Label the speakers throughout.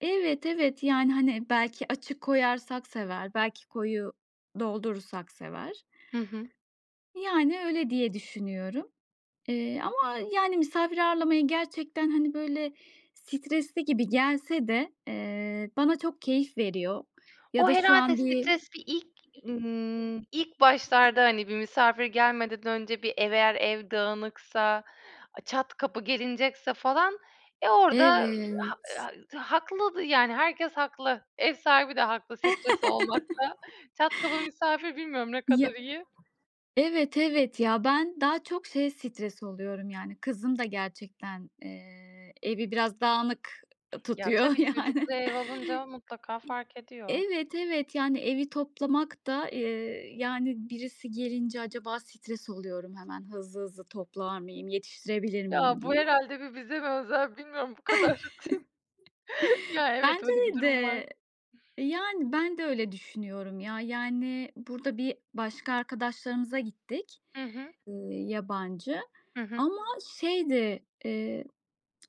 Speaker 1: Evet, evet. Yani, hani, belki açık koyarsak sever, belki koyu doldurursak sever.
Speaker 2: Hı hı.
Speaker 1: Yani, öyle diye düşünüyorum. Eee, ama, yani, misafir ağırlamaya gerçekten, hani, böyle, stresli gibi gelse de, eee, bana çok keyif veriyor ya
Speaker 2: O
Speaker 1: da şu
Speaker 2: herhâlde
Speaker 1: an bir
Speaker 2: stres bir ilk ımm, ilk başlarda hani bir misafir gelmeden önce bir ev eğer ev dağınıksa, çat kapı gelinecekse falan, eee, orada, [unintelligible]
Speaker 1: Evet.
Speaker 2: ha t haklı. Yani herkes haklı ev sahibi de haklı stres olmakta. Çat kapı misafir bilmiyorum, ne kadar
Speaker 1: Ya
Speaker 2: iyi?
Speaker 1: Evet, evet, ya. Ben daha çok şeye stres oluyorum: Yani kızım da gerçekten, eee, evi biraz dağınık, eee,
Speaker 2: Ya,
Speaker 1: tutuyor
Speaker 2: tabii.
Speaker 1: yani.
Speaker 2: Çocuklu ev alınca mutlaka fark
Speaker 1: Eee,
Speaker 2: ediyor.
Speaker 1: evet, evet. Yani evi toplamak da, eee, yani, birisi gelince acaba stres oluyorum, "Hemen hızlı hızlı toplar mıyım? Yetiştirebilir miyim?"
Speaker 2: Ya, bu
Speaker 1: diye.
Speaker 2: herhâlde bir bize mi özel, bilmiyorum bu kadar t Ya, evet,
Speaker 1: Bence
Speaker 2: öyle bir durum var.
Speaker 1: de. Yani, ben de öyle düşünüyorum ya. Yani, burada bir başka arkadaşlarımıza gittik,
Speaker 2: Hı hı.
Speaker 1: eee, yabancı.
Speaker 2: Hı hı.
Speaker 1: Ama şeydi, eee,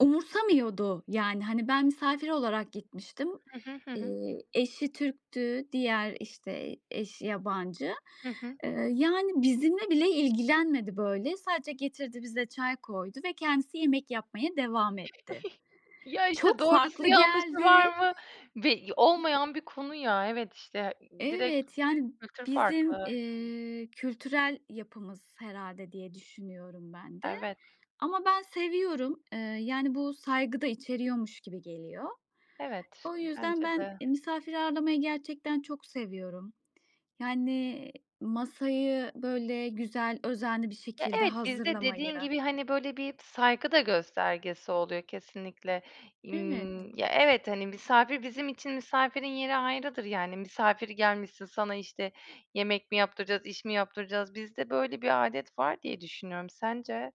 Speaker 1: umursamıyordu. Yani, hani, ben misafir olarak gitmiştim.
Speaker 2: Hı hı, hı hı.
Speaker 1: Eee, eşi Türk'tü diğer, işte, eş yabancı.
Speaker 2: Hı hı.
Speaker 1: Eee, yani, bizimle bile ilgilenmedi böyle. Sadece getirdi bize çay koydu ve kendisi yemek yapmaya devam etti.
Speaker 2: Ya, işte,
Speaker 1: Çok
Speaker 2: doğrusu
Speaker 1: farklı
Speaker 2: yanlışı
Speaker 1: geldi.
Speaker 2: var mı? Be olmayan bir konu ya. Evet, işte, d direkt
Speaker 1: Evet, yani,
Speaker 2: kültür
Speaker 1: bizim,
Speaker 2: farklı.
Speaker 1: eee, kültürel yapımız herhâlde, diye düşünüyorum ben de.
Speaker 2: Evet.
Speaker 1: Ama ben seviyorum. Eee, yani bu saygı da içeriyormuş gibi geliyor.
Speaker 2: Evet,
Speaker 1: O yüzden
Speaker 2: bence
Speaker 1: ben
Speaker 2: de.
Speaker 1: i misafir ağırlamayı gerçekten çok seviyorum. Yani, masayı böyle güzel özenli bir
Speaker 2: Ya,
Speaker 1: şekilde
Speaker 2: evet. Bizde
Speaker 1: hazırlamayı
Speaker 2: dediğin gibi, hani, böyle, bir saygı da göstergesi oluyor kesinlikle.
Speaker 1: Evet.
Speaker 2: Imm, ya, evet. Hani, misafir bizim için misafirin yeri ayrıdır. Yani, "Misafir gelmişsin. Sana, işte, yemek mi yaptıracağız? İş mi yaptıracağız?" Bizde böyle bir adet var diye düşünüyorum. Sence?